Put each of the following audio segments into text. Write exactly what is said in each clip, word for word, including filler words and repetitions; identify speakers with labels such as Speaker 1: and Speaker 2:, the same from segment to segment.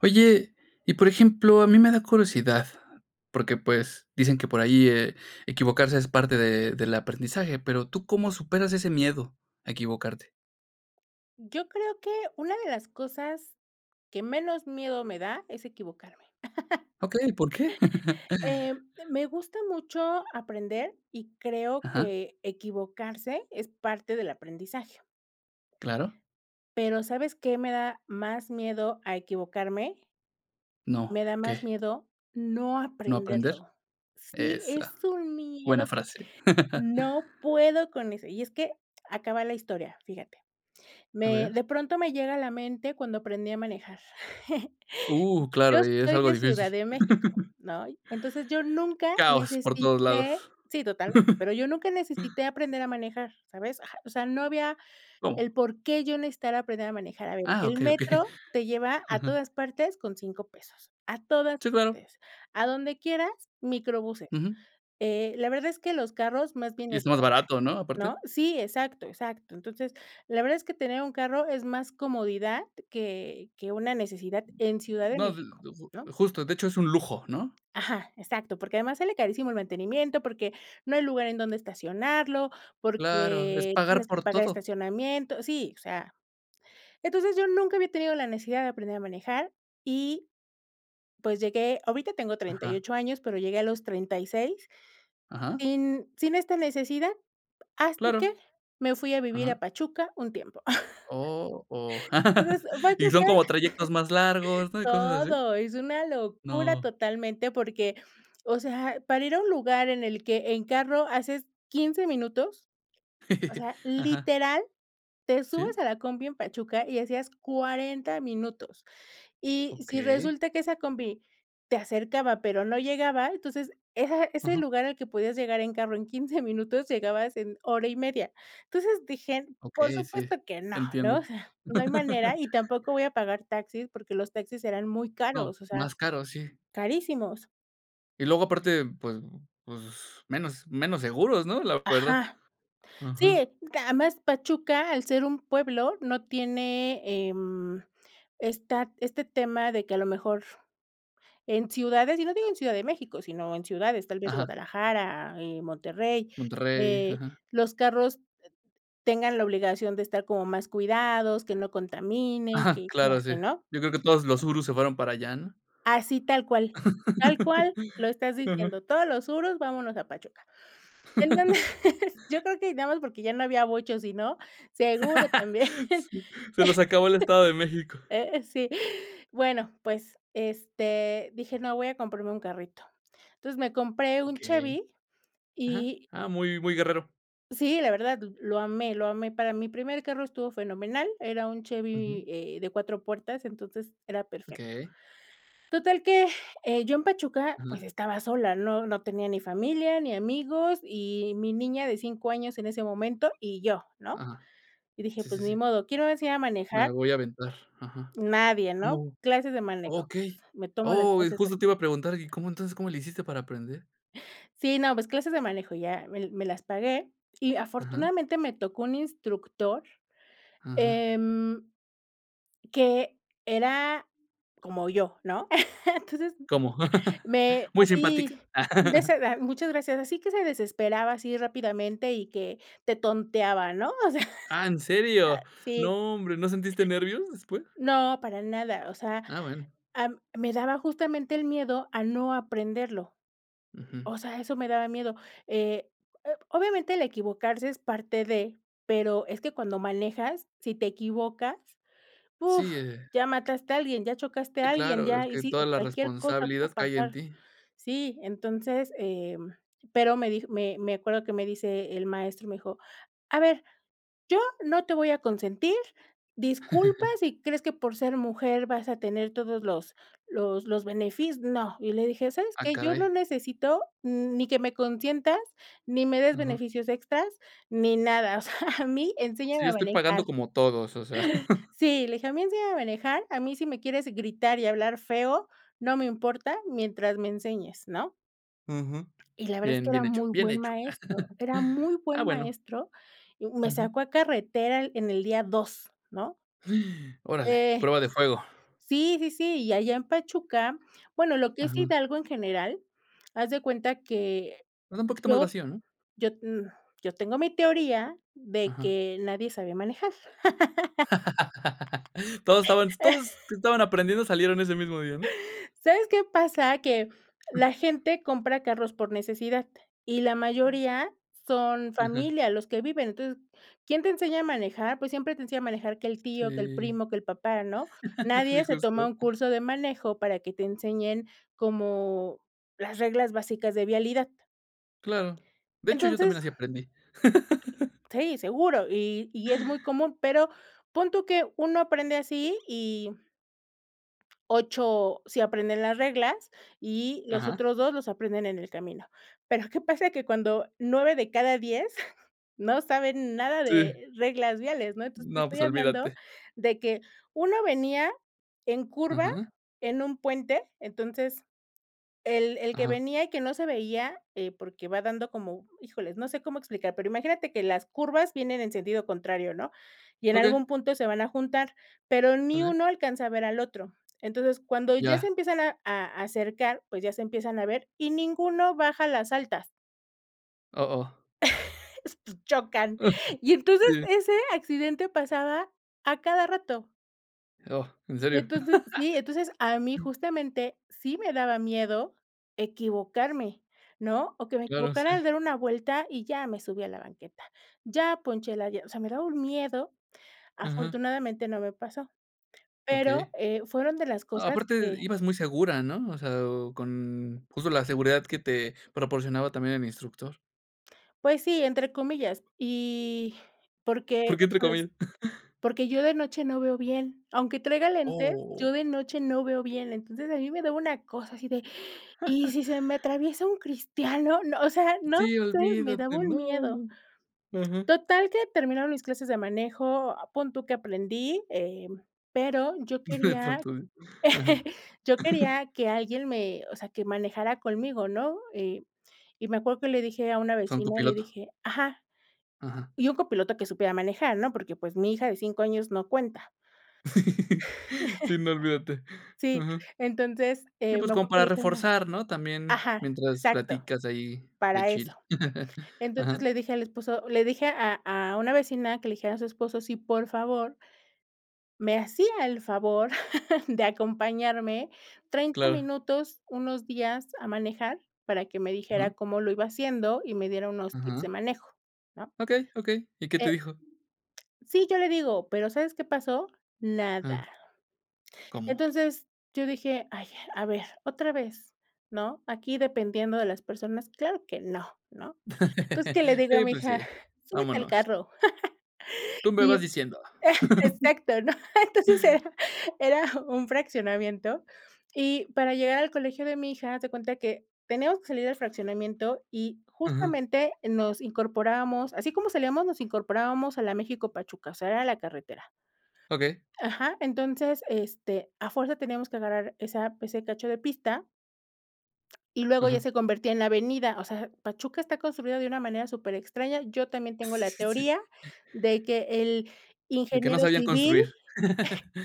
Speaker 1: Oye, y por ejemplo, a mí me da curiosidad, porque pues, dicen que por ahí, eh, equivocarse es parte de del aprendizaje, pero, ¿tú cómo superas ese miedo a equivocarte?
Speaker 2: Yo creo que una de las cosas que menos miedo me da es equivocarme
Speaker 1: Okey, ¿por qué?
Speaker 2: Em, de me gusta mucho aprender y creo
Speaker 1: Ajá.
Speaker 2: que equivocarse es parte del aprendizaje.
Speaker 1: Claro.
Speaker 2: Pero, ¿sabes qué me da más miedo a equivocarme?
Speaker 1: No,
Speaker 2: Me da más
Speaker 1: ¿qué?
Speaker 2: miedo no
Speaker 1: ¿No aprender?
Speaker 2: aprenderlo. Sí, es
Speaker 1: Esa,
Speaker 2: un
Speaker 1: buena
Speaker 2: miedo que
Speaker 1: frase.
Speaker 2: no puedo con eso. Y es que acá va la historia. Fíjate,
Speaker 1: A
Speaker 2: me,
Speaker 1: ver.
Speaker 2: de pronto me llega a la mente cuando aprendí a manejar.
Speaker 1: Uh,
Speaker 2: Yo
Speaker 1: claro, y es
Speaker 2: soy
Speaker 1: algo
Speaker 2: de Ciudad
Speaker 1: difícil.
Speaker 2: de México, ¿no? Y entonces yo nunca
Speaker 1: Caos por todos lados.
Speaker 2: necesité, sí, totalmente, pero yo nunca necesité aprender a manejar, ¿sabes? Ajá o sea, no había
Speaker 1: ¿Cómo?
Speaker 2: el por qué yo necesitara aprender a manejar, a ver,
Speaker 1: Ah,
Speaker 2: el
Speaker 1: okey, okey.
Speaker 2: metro te lleva a
Speaker 1: Ujú.
Speaker 2: todas partes con cinco pesos, a todas
Speaker 1: Sí, claro.
Speaker 2: partes, a donde quieras, microbuses.
Speaker 1: Ujú.
Speaker 2: Eh, la verdad es que los carros más bien
Speaker 1: Y es más
Speaker 2: estorban
Speaker 1: barato, ¿no? Aparte.
Speaker 2: ¿no? Sí, exacto, exacto. Entonces, la verdad es que tener un carro es más comodidad que que una necesidad en Ciudad de
Speaker 1: No, sí,
Speaker 2: México,
Speaker 1: sí, ju
Speaker 2: ¿no?
Speaker 1: justo. De hecho, es un lujo, ¿no?
Speaker 2: Ajá, exacto. Porque además sale carísimo el mantenimiento, porque no hay lugar en donde estacionarlo,
Speaker 1: Claro, es
Speaker 2: porque
Speaker 1: pagar
Speaker 2: tienes que
Speaker 1: por
Speaker 2: pagar
Speaker 1: todo.
Speaker 2: estacionamiento, sí, o sea, entonces yo nunca había tenido la necesidad de aprender a manejar y pues, llegué, ahorita tengo treinta y
Speaker 1: Ajá.
Speaker 2: ocho años, pero llegué a los treinta y seis.
Speaker 1: Ajá.
Speaker 2: Sin sin esta necesidad, hasta
Speaker 1: Claro.
Speaker 2: qué, me fui a vivir
Speaker 1: Ajá.
Speaker 2: a Pachuca un tiempo
Speaker 1: Oh, oh.
Speaker 2: Entonces,
Speaker 1: Y son
Speaker 2: Pachuca
Speaker 1: como trayectos más largos, ¿no? Y cosas así.
Speaker 2: Todo, es una locura
Speaker 1: No.
Speaker 2: totalmente porque, o sea, para ir a un lugar en el que en carro haces quince minutos, o sea,
Speaker 1: Ajá.
Speaker 2: literal, te
Speaker 1: Sí.
Speaker 2: subes a la combi en Pachuca y hacías cuarenta minutos. Y si
Speaker 1: Okey.
Speaker 2: resulta que esa combi te acercaba, pero no llegaba, entonces, esa era ese
Speaker 1: Ajá.
Speaker 2: lugar al que podías llegar en carro en quince minutos llegabas en hora y media. Entonces, dije: "Por
Speaker 1: Okey, sí,
Speaker 2: supuesto que no", ¿no? O
Speaker 1: entiendo.
Speaker 2: sea, no hay manera y tampoco voy a pagar taxis porque los taxis eran muy
Speaker 1: No,
Speaker 2: caros, o sea,
Speaker 1: más caro, sí.
Speaker 2: carísimos.
Speaker 1: Y luego aparte, pues pues, menos menos seguros, ¿no?, la verdad.
Speaker 2: Ajá. Sí,
Speaker 1: Ujú.
Speaker 2: [unintelligible] además Pachuca, al ser un pueblo, no tiene, em, esta este tema de que a lo mejor en ciudades, digo, y no digo en Ciudad de México, sino en ciudades, tal vez
Speaker 1: Ajá.
Speaker 2: Guadalajara, en Monterrey,
Speaker 1: Monterrey,
Speaker 2: eh,
Speaker 1: ajá.
Speaker 2: los carros tengan la obligación de estar como más cuidados, que no contaminen,
Speaker 1: Ajá.
Speaker 2: que y
Speaker 1: Claro, sí.
Speaker 2: así, ¿no?
Speaker 1: Yo creo que todos los Tsuru se fueron para allá, ¿no?
Speaker 2: Así tal cual, tal cual lo estás
Speaker 1: Ajá.
Speaker 2: diciendo, todos los Tsurus vámonos a Pachuca. Entonces, yo creo que digamos, porque ya no había vochos, sino seguro también.
Speaker 1: Se nos acabó el Estado de México.
Speaker 2: Eh, eh, sí. Bueno, pues, este, dije: "No, voy a comprarme un carrito". Entonces, me compré un
Speaker 1: Okey.
Speaker 2: Chevy
Speaker 1: Ajá.
Speaker 2: y
Speaker 1: Ah, muy, muy guerrero.
Speaker 2: Sí, la verdad, lo amé, lo amé. Para mi primer carro estuvo fenomenal, era un Chevy,
Speaker 1: Ujú.
Speaker 2: eh, de cuatro puertas, entonces, era perfecto.
Speaker 1: Okey.
Speaker 2: Total que, eh, yo en Pachuca, pues,
Speaker 1: Ajá.
Speaker 2: estaba sola, no no tenía ni familia, ni amigos, y mi niña de cinco años en ese momento, y yo, ¿no?,
Speaker 1: Ajá.
Speaker 2: y dije:
Speaker 1: Sí,
Speaker 2: "Pues,
Speaker 1: sí,
Speaker 2: ni
Speaker 1: sí.
Speaker 2: modo, ¿quién me va a enseñar a
Speaker 1: Me
Speaker 2: manejar?"
Speaker 1: voy a aventar, ajá,
Speaker 2: Nadie, ¿no?,
Speaker 1: como
Speaker 2: clases de manejo.
Speaker 1: okey.
Speaker 2: Me tomo las
Speaker 1: Oh,
Speaker 2: clases de
Speaker 1: justo
Speaker 2: ma
Speaker 1: te iba a preguntar que, ¿y cómo, entonces, cómo le hiciste para aprender?
Speaker 2: Sí, no, pues, clases de manejo ya, me me las pagué, y
Speaker 1: Ajá.
Speaker 2: afortunadamente me tocó un instructor,
Speaker 1: Ajá.
Speaker 2: em, que era como yo, ¿no?, entonces,
Speaker 1: ¿Cómo?
Speaker 2: me
Speaker 1: ¿Muy
Speaker 2: así,
Speaker 1: simpática?
Speaker 2: de cerrar muchas gracias, así que se desesperaba, así rápidamente, y que te tonteaba, ¿no?, o sea,
Speaker 1: Ah, ¿en serio?
Speaker 2: ah, sí.
Speaker 1: No hombre, ¿no sentiste nervios, después?
Speaker 2: No, para nada. O sea,
Speaker 1: Ah, bueno.
Speaker 2: am, me daba justamente el miedo a no aprenderlo.
Speaker 1: Ujú.
Speaker 2: O sea, eso me daba miedo, eh, e p obviamente, el equivocarse es parte de, pero, es que cuando manejas, si te equivocas, ¡uf!,
Speaker 1: Sí, eh
Speaker 2: ya mataste a alguien, ya chocaste
Speaker 1: Sí,
Speaker 2: a alguien,
Speaker 1: claro, es
Speaker 2: ya, y
Speaker 1: que
Speaker 2: sí,
Speaker 1: toda la
Speaker 2: cualquier cosa
Speaker 1: responsabilidad
Speaker 2: puede
Speaker 1: cae en
Speaker 2: pasar.
Speaker 1: ti.
Speaker 2: Sí, entonces, eh, pero, me dij me me acuerdo que me dice el maestro, y me dijo: "A ver, yo no te voy a consentir, disculpa si crees que por ser mujer vas a tener todos los los los benefis no", y le dije: "¿Sabes
Speaker 1: ¡Ah,
Speaker 2: qué?, yo
Speaker 1: caray!
Speaker 2: no necesito, n ni que me consientas, ni me des
Speaker 1: Ujú.
Speaker 2: beneficios extras, ni nada. O sea, a mí
Speaker 1: Sí,
Speaker 2: enséñame
Speaker 1: yo
Speaker 2: a
Speaker 1: estoy
Speaker 2: manejar".
Speaker 1: pagando como todos, o sea.
Speaker 2: Sí, le dije: "A mí, enséñame a manejar, a mí si me quieres gritar y hablar feo, no me importa mientras me enseñes", ¿no?
Speaker 1: Ujú.
Speaker 2: Y la verdad es
Speaker 1: Bien,
Speaker 2: que
Speaker 1: bien
Speaker 2: era
Speaker 1: hecho,
Speaker 2: muy
Speaker 1: bien
Speaker 2: buen
Speaker 1: hecho.
Speaker 2: maestro, era muy
Speaker 1: Ah,
Speaker 2: buen
Speaker 1: bueno.
Speaker 2: maestro, y me
Speaker 1: Ujú.
Speaker 2: sacó a carretera el en el día dos, ¿no?
Speaker 1: Órale,
Speaker 2: Eh
Speaker 1: prueba de fuego.
Speaker 2: sí, sí, sí, y allá en Pachuca bueno, lo que es
Speaker 1: Ajá.
Speaker 2: Hidalgo en general, haz de cuenta que
Speaker 1: Mm, un poquito más
Speaker 2: yo
Speaker 1: vacío, ¿no?
Speaker 2: yo, um yo tengo mi teoría de
Speaker 1: Ajá.
Speaker 2: que nadie sabía manejar.
Speaker 1: Todos estaban s todos t estaban aprendiendo salieron ese mismo día, ¿no?
Speaker 2: ¿Sabes qué pasa? Que la gente compra carros por necesidad, y la mayoría son
Speaker 1: Ajá.
Speaker 2: familia, los que viven. Entonces, ¿quién te enseña a manejar? Pues, siempre te enseña a manejar que el tío, que el
Speaker 1: Sí.
Speaker 2: primo, que el papá, ¿no?
Speaker 1: Sí,
Speaker 2: Nadie se toma
Speaker 1: justo.
Speaker 2: un curso de manejo para que te enseñen como las reglas básicas de vialidad.
Speaker 1: Claro, de hecho, yo también
Speaker 2: Entonces
Speaker 1: así aprendí.
Speaker 2: Sí, seguro, y y es muy común, pero, pon tú que uno aprende así y ocho sí aprenden las reglas, y los
Speaker 1: Ajá.
Speaker 2: otros dos los aprenden en el camino. Pero, ¿qué pasa? Que cuando nueve de cada diez no saben nada
Speaker 1: Sí.
Speaker 2: de reglas viales, ¿no? Entonces, te
Speaker 1: No, pues
Speaker 2: estoy hablando
Speaker 1: olvídate.
Speaker 2: de que uno venía en curva,
Speaker 1: Ajá.
Speaker 2: en un puente, entonces, el el que
Speaker 1: Ajá.
Speaker 2: venía y que no se veía, eh, porque va dando como híjoles, no sé cómo explicar, pero imagínate que las curvas vienen en sentido contrario, ¿no? Y en
Speaker 1: Okey.
Speaker 2: algún punto se van a juntar, pero ni
Speaker 1: Okey.
Speaker 2: uno alcanza a ver al otro. Entonces, cuando ya se
Speaker 1: Ya.
Speaker 2: empiezan a a acercar, pues, ya se empiezan a ver, y ninguno baja las altas.
Speaker 1: Oh, oh.
Speaker 2: Pues, chocan
Speaker 1: Uh,
Speaker 2: y entonces
Speaker 1: sí.
Speaker 2: ese accidente pasaba a cada rato.
Speaker 1: Oh. ¿En
Speaker 2: Y
Speaker 1: serio?
Speaker 2: entonces sí, entonces, a mí justamente sí me daba miedo equivocarme, ¿no? O que me
Speaker 1: Claro, sí.
Speaker 2: equivocara al dar una vuelta y ya me subí a la banqueta, ya ponché la llan o sea, me daba un miedo.
Speaker 1: Ajá.
Speaker 2: Afortunadamente, no me pasó. Pero,
Speaker 1: Okey.
Speaker 2: eh fueron de las cosas
Speaker 1: Aparte
Speaker 2: que
Speaker 1: ibas muy segura, ¿no? O sea, o con justo la seguridad que te proporcionaba también el instructor.
Speaker 2: Pues sí, entre comillas. Y porque,
Speaker 1: ¿Por qué entre
Speaker 2: híjoles,
Speaker 1: comillas?
Speaker 2: porque yo de noche no veo bien, aunque traiga lentes,
Speaker 1: Oh.
Speaker 2: yo de noche no veo bien. Entonces, a mí me daba una cosa así de, ¿y si se me atraviesa un cristiano? No, o sea, no
Speaker 1: Sí,
Speaker 2: sé, me daba
Speaker 1: olvídate,
Speaker 2: un
Speaker 1: no,
Speaker 2: miedo.
Speaker 1: no. Ajá.
Speaker 2: Total que terminaron mis clases de manejo, ah pon tú que aprendí, eh, pero yo
Speaker 1: De
Speaker 2: quería
Speaker 1: pronto, sí. Ajá.
Speaker 2: yo quería que alguien me o sea, que manejara conmigo, ¿no? Eh, y me acuerdo que le dije a una
Speaker 1: O sea, un
Speaker 2: vecina, le
Speaker 1: copiloto.
Speaker 2: dije ajá,
Speaker 1: Ajá.
Speaker 2: y un copiloto que supiera manejar, ¿no? Porque, pues, mi hija de cinco años no cuenta.
Speaker 1: Sí, no, olvídate.
Speaker 2: Sí,
Speaker 1: Ajá.
Speaker 2: entonces,
Speaker 1: Sí,
Speaker 2: eh,
Speaker 1: pues
Speaker 2: me
Speaker 1: como
Speaker 2: acuerdo que
Speaker 1: para
Speaker 2: le dije hombre
Speaker 1: reforzar, ¿no? También
Speaker 2: Ajá,
Speaker 1: mientras
Speaker 2: exacto.
Speaker 1: platicas ahí de
Speaker 2: Para eso.
Speaker 1: chill.
Speaker 2: Entonces
Speaker 1: Ajá.
Speaker 2: le dije al esposo le dije a a una vecina que le dijera a su esposo si por favor me hacía el favor de acompañarme treinta
Speaker 1: Claro.
Speaker 2: minutos unos días a manejar para que me
Speaker 1: Ajá.
Speaker 2: dijera cómo lo iba haciendo y me diera unos tips de
Speaker 1: Ajá.
Speaker 2: manejo, ¿no?
Speaker 1: Okey, okey, ¿y qué
Speaker 2: Eh
Speaker 1: te dijo?
Speaker 2: Sí, yo le digo, pero, ¿sabes qué pasó?
Speaker 1: Ah.
Speaker 2: Nada.
Speaker 1: ¿Cómo?
Speaker 2: Entonces, yo dije: "Ay, a ver, otra vez, ¿no? Aquí dependiendo de las personas, claro que no", ¿no? Entonces, que le digo a
Speaker 1: Sí,
Speaker 2: mi
Speaker 1: pues sí.
Speaker 2: hija: "Subete al
Speaker 1: Vámonos.
Speaker 2: carro".
Speaker 1: Tú me
Speaker 2: Y
Speaker 1: vas diciendo.
Speaker 2: exacto, ¿no? Entonces, era era un fraccionamiento, y para llegar al colegio de mi hija, haz de cuenta que teníamos que salir del fraccionamiento, y
Speaker 1: Ajá.
Speaker 2: justamente nos incorporábamos, así como salíamos, nos incorporábamos a la México-Pachuca, o sea, era la carretera.
Speaker 1: Okey.
Speaker 2: Ajá, entonces, este, a fuerza teníamos que agarrar esa pues, el cacho de pista y luego ya
Speaker 1: Ajá.
Speaker 2: se convertía en avenida. O sea, Pachuca está construido de una manera súper extraña. Yo también tengo la
Speaker 1: Sí.
Speaker 2: teoría de que el
Speaker 1: De que no
Speaker 2: ingeniero
Speaker 1: sabían
Speaker 2: civil
Speaker 1: construir.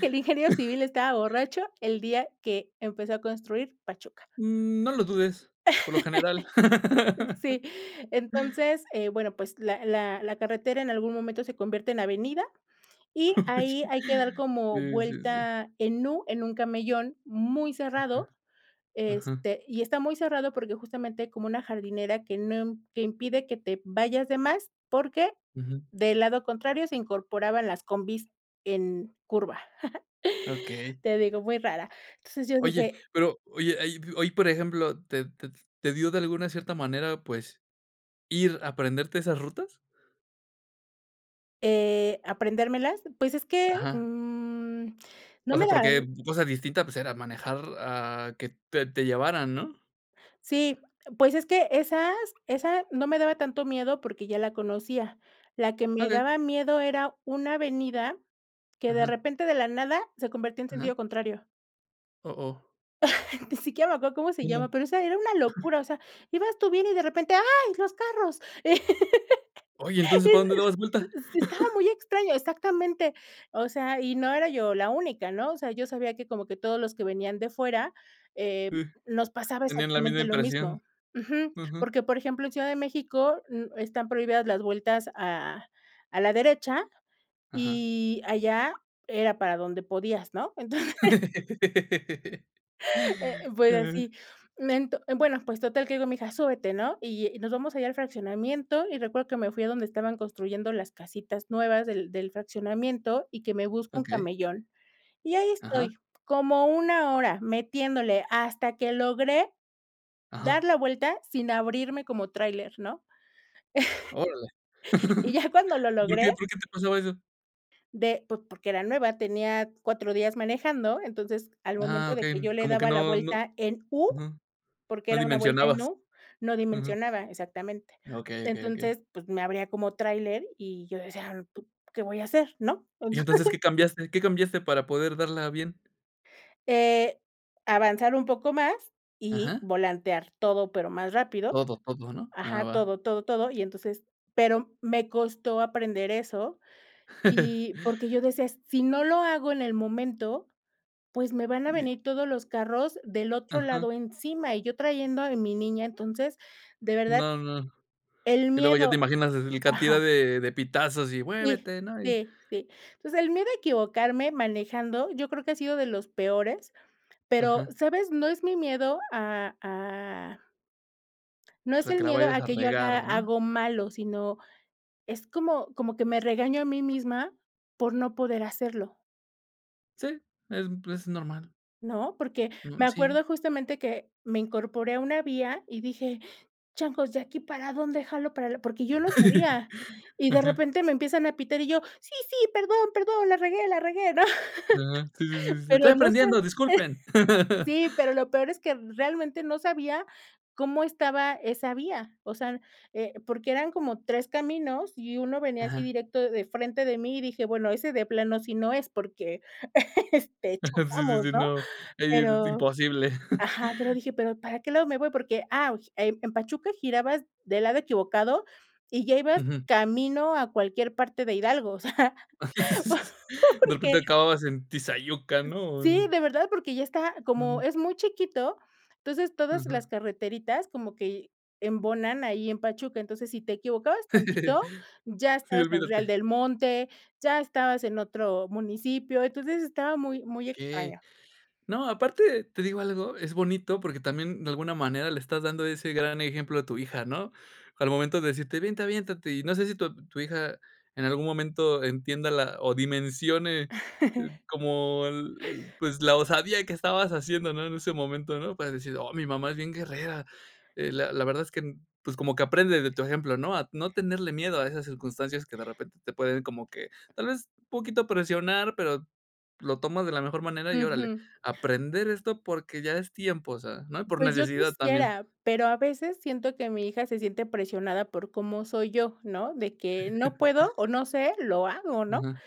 Speaker 2: el ingeniero civil estaba borracho el día que empezó a construir Pachuca.
Speaker 1: No lo dudes, por lo general.
Speaker 2: Sí. Entonces, eh, bueno, pues, la la la carretera en algún momento se convierte en avenida, y
Speaker 1: Huy
Speaker 2: ahí hay que dar como
Speaker 1: Sí, sí, si.
Speaker 2: vuelta en U, en un camellón muy cerrado,
Speaker 1: Ajá, ajá.
Speaker 2: este y está muy cerrado porque justamente como una jardinera que no m que impide que te vayas de más, porque
Speaker 1: Ujú.
Speaker 2: del lado contrario se incorporaban las combis en curva.
Speaker 1: Okey.
Speaker 2: Te digo, muy rara. Entonces, yo
Speaker 1: Oye,
Speaker 2: dije
Speaker 1: pero oye ahí p hoy, por ejemplo, ¿te te te dio de alguna cierta manera, pues, ir a aprenderte esas rutas?
Speaker 2: Eh, aprendérmelas, pues, es que
Speaker 1: Ajá.
Speaker 2: mm,
Speaker 1: O
Speaker 2: no me
Speaker 1: sea,
Speaker 2: la
Speaker 1: porque cosas distintas, pues, era manejar a que te te llevaran, ¿no?
Speaker 2: Sí, pues, es que esas esa no me daba tanto miedo, porque ya la conocía. La que me
Speaker 1: Okey.
Speaker 2: daba miedo era una avenida que de
Speaker 1: Ajá.
Speaker 2: repente, de la nada, se convertía en
Speaker 1: Ajá.
Speaker 2: sentido contrario.
Speaker 1: Oh, oh.
Speaker 2: Ni siquiera me acuerdo cómo se
Speaker 1: ¿Cómo?
Speaker 2: llama, pero esa era una locura, o sea, ibas tú bien y de repente: "¡Ay, los carros!"
Speaker 1: Oye,
Speaker 2: e e
Speaker 1: entonces ¿para dónde dabas vuelta?
Speaker 2: estaba muy extraña, exactamente, o sea, y no era yo la única, ¿no? O sea, yo sabía que, como que todos los que venían de fuera, eh,
Speaker 1: Sí.
Speaker 2: nos pasaba
Speaker 1: Tenían la misma
Speaker 2: exactamente lo
Speaker 1: impresión.
Speaker 2: mismo. Ujú.
Speaker 1: Uju.
Speaker 2: Porque, por ejemplo, en Ciudad de México n están prohibidas las vueltas a a la derecha
Speaker 1: Ajá.
Speaker 2: y allá era para donde podías, ¿no? Entonces. Eh, pues
Speaker 1: Eh.
Speaker 2: así, bueno, me ento pues total que le digo a mi hija: "Súbete", ¿no? Y y nos vamos ahí al fraccionamiento y recuerdo que me fui a donde estaban construyendo las casitas nuevas del del fraccionamiento y que me busco un
Speaker 1: Okey.
Speaker 2: camellón. Y ahí
Speaker 1: Ajá.
Speaker 2: estoy, como una hora metiéndole hasta que logré dar
Speaker 1: Ajá.
Speaker 2: la vuelta sin abrirme como tráiler ¿no?
Speaker 1: Órale
Speaker 2: Y ya cuando lo
Speaker 1: ¿Por
Speaker 2: logré,
Speaker 1: qué por qué te pasó eso?
Speaker 2: de po porque era nueva, tenía cuatro días manejando, entonces al
Speaker 1: Ah,
Speaker 2: momento de que
Speaker 1: okey,
Speaker 2: yo le
Speaker 1: como que
Speaker 2: daba la
Speaker 1: no no,
Speaker 2: vuelta en U
Speaker 1: ujú,
Speaker 2: porque
Speaker 1: no
Speaker 2: era una vuelta en
Speaker 1: dimensionabas.
Speaker 2: U no
Speaker 1: Ujú.
Speaker 2: dimensionaba exactamente,
Speaker 1: Okey, okey, okey.
Speaker 2: entonces pues me abría como tráiler y yo decía: "¿p qué voy a hacer, no?"
Speaker 1: Y entonces ¿qué cambiaste qué cambiaste para poder darla bien?
Speaker 2: Eh, avanzar un poco más y
Speaker 1: Ajá.
Speaker 2: volantear todo pero más rápido,
Speaker 1: Todo, todo, ¿no?
Speaker 2: ajá,
Speaker 1: Ah, va.
Speaker 2: todo, todo, todo, y entonces pero me costó aprender eso, y porque yo decía: "Eh sí no lo hago en el momento, pues, me van a
Speaker 1: Sí.
Speaker 2: venir todos los carros del otro
Speaker 1: Ajá.
Speaker 2: lado encima," y yo trayendo a mi niña, entonces, de verdad.
Speaker 1: No, no.
Speaker 2: El
Speaker 1: Y luego ya
Speaker 2: miedo
Speaker 1: te imaginas el
Speaker 2: ajá.
Speaker 1: cantidad de de pitazos y:
Speaker 2: Sí,
Speaker 1: "Muévete", ¿no?, y
Speaker 2: sí, sí, entonces, el miedo a equivocarme manejando, yo creo que ha sido de los peores, pero,
Speaker 1: Ajá.
Speaker 2: ¿sabes?, no es mi miedo a a no
Speaker 1: O
Speaker 2: es
Speaker 1: sea que
Speaker 2: el
Speaker 1: la
Speaker 2: miedo
Speaker 1: vayas
Speaker 2: a
Speaker 1: a
Speaker 2: que yo haga
Speaker 1: regar, ¿no?
Speaker 2: algo malo, sino es como como que me regaño a mí misma por no poder hacerlo
Speaker 1: Sí, es, pues normal.
Speaker 2: ¿no?, porque
Speaker 1: Mm,
Speaker 2: me acuerdo
Speaker 1: sí.
Speaker 2: justamente que me incorporé a una vía y dije: "Changos de aquí para donde jalo para lo", porque yo lo sabía, y de
Speaker 1: Ajá.
Speaker 2: repente me empiezan a pitar y yo: "Sí, sí, perdón, perdón, la regué, la regué," ¿no?
Speaker 1: Ajá. Sí, si, si, sí. "Estoy
Speaker 2: Pero no
Speaker 1: aprendiendo,
Speaker 2: sé,
Speaker 1: disculpen".
Speaker 2: sí, pero lo peor es que realmente no sabía como estaba esa vía, o sea, eh, porque eran como tres caminos y uno venía así
Speaker 1: Ajá.
Speaker 2: directo de frente de mí y dije: "Bueno, ese de plano sí no es porque, este,
Speaker 1: Ajá. Sí, sí,
Speaker 2: chocamos,"
Speaker 1: sí,
Speaker 2: ¿no?,
Speaker 1: no, ahí eso es
Speaker 2: pero
Speaker 1: imposible.
Speaker 2: ajá, pero dije: "Pero, ¿para qué lado me voy?" Porque, ah, en Pachuca girabas del lado equivocado y ya ibas
Speaker 1: Ujú.
Speaker 2: camino a cualquier parte de Hidalgo o sea
Speaker 1: De repente
Speaker 2: porque
Speaker 1: acabas en Tizayuca, ¿no? o
Speaker 2: Sí
Speaker 1: en
Speaker 2: de verdad porque ya está como
Speaker 1: Ujú.
Speaker 2: es muy chiquito entonces todas
Speaker 1: Ujú.
Speaker 2: las carreteritas como que embonan ahí en Pachuca, entonces si te equivocabas tantito, ya
Speaker 1: Sí,
Speaker 2: estabas en Real
Speaker 1: olvídate.
Speaker 2: del Monte, ya estabas en otro municipio, entonces estaba muy muy
Speaker 1: ¿Qué?
Speaker 2: extraño.
Speaker 1: No, aparte, ¿te digo algo?, es bonito porque también de alguna manera le estás dando ese gran ejemplo a tu hija, ¿no?, al momento de decirte, vente aviéntate, y no sé si tu tu hija en algún momento entienda la o dimensione como el pues la osadía que estabas haciendo, ¿no?, en ese momento, ¿no?, para decir: "Oh mi mamá es bien guerrera," eh, la la verdad es que pues como que aprende de tu ejemplo, ¿no?, a no tenerle miedo a esas circunstancias que de repente te pueden como que tal vez poquito presionar pero lo tomas de la mejor manera, y órale,
Speaker 2: Ujú.
Speaker 1: aprender esto porque ya es tiempo, o sea, ¿no? Y por
Speaker 2: Pues yo
Speaker 1: necesidad también.
Speaker 2: quisiera, pero a veces siento que mi hija se siente presionada por cómo soy yo, ¿no?, de que no puedo o no sé, lo hago, ¿no?
Speaker 1: Ajá.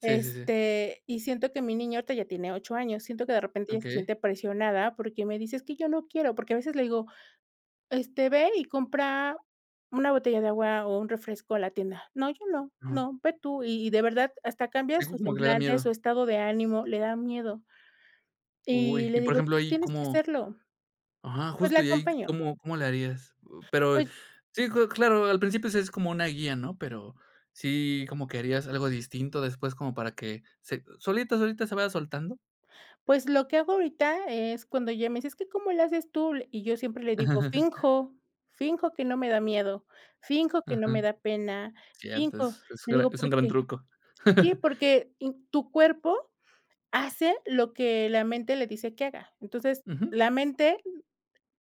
Speaker 1: Sí, sí, sí.
Speaker 2: Este y siento que mi niña ahorita ya tiene ocho años siento que de repente ella se
Speaker 1: Okey.
Speaker 2: siente presionada porque me dice: "Es que yo no quiero" porque a veces le digo: "Este, ve y compra una botella de agua o un refresco a la tienda", "No yo no,
Speaker 1: Ajá.
Speaker 2: no ve tú", y y de verdad hasta cambia
Speaker 1: Sí,
Speaker 2: su
Speaker 1: como que le da
Speaker 2: semblante, su
Speaker 1: miedo.
Speaker 2: estado de ánimo, le da miedo. Y
Speaker 1: Uy,
Speaker 2: le
Speaker 1: y, por
Speaker 2: digo:
Speaker 1: ejemplo,
Speaker 2: "Tú
Speaker 1: ahí
Speaker 2: tienes que
Speaker 1: ¿cómo?
Speaker 2: hacerlo",
Speaker 1: Ajá,
Speaker 2: pues la
Speaker 1: justo, ¿y ahí
Speaker 2: acompaño.
Speaker 1: cómo cómo le harías? Pero,
Speaker 2: Pues
Speaker 1: sí, cla claro, al principio si es como una guía, ¿no? Pero sí, como que harías algo distinto, después como para que se solita, solita se vaya soltando.
Speaker 2: Pues lo que hago ahorita es cuando ella me dice: "Es que ¿cómo le haces tú?" Y yo siempre le digo: "Finjo, finjo que no me da miedo, finjo que no me
Speaker 1: Ajá.
Speaker 2: da pena,
Speaker 1: Cierto,
Speaker 2: finjo",
Speaker 1: es es
Speaker 2: le
Speaker 1: gra
Speaker 2: digo,
Speaker 1: es un gra gran
Speaker 2: porque
Speaker 1: truco.
Speaker 2: sí porque in tu cuerpo hace lo que la mente le dice que haga, entonces,
Speaker 1: Ujú.
Speaker 2: la mente,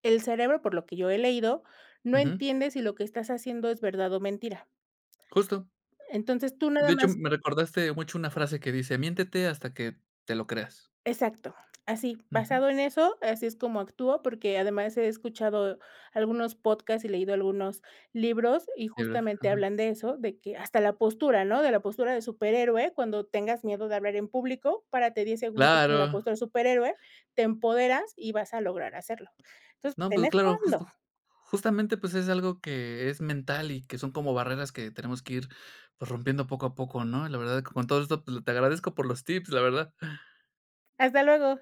Speaker 2: el cerebro, por lo que yo he leído, no
Speaker 1: Ujú.
Speaker 2: entiende si lo que estás haciendo es verdad o mentira.
Speaker 1: Justo.
Speaker 2: Entonces, tú nada
Speaker 1: De hecho,
Speaker 2: más.
Speaker 1: me recordaste mucho una frase que dice: "Miéntete hasta que te lo creas".
Speaker 2: Exacto, así,
Speaker 1: Ujú.
Speaker 2: basado en eso, así es como actúo, porque además he escuchado algunos podcast y leído algunos libros, y
Speaker 1: Lloras,
Speaker 2: justamente
Speaker 1: ajá.
Speaker 2: hablan de eso, de que hasta la postura, ¿no?, de la postura de superhéroe, cuando tengas miedo de hablar en público, párate diez segundos con la
Speaker 1: Claro.
Speaker 2: postura de superhéroe, te empoderas y vas a lograr hacerlo, entonces,
Speaker 1: No,
Speaker 2: en
Speaker 1: pues
Speaker 2: eso
Speaker 1: claro,
Speaker 2: ando.
Speaker 1: justo justamente, pues es algo que es mental y que son como barreras que tenemos que ir, pues rompiendo poco a poco, ¿no?, y la verdad que con todo esto, pues te agradezco por los tips, la verdad.
Speaker 2: Hasta luego.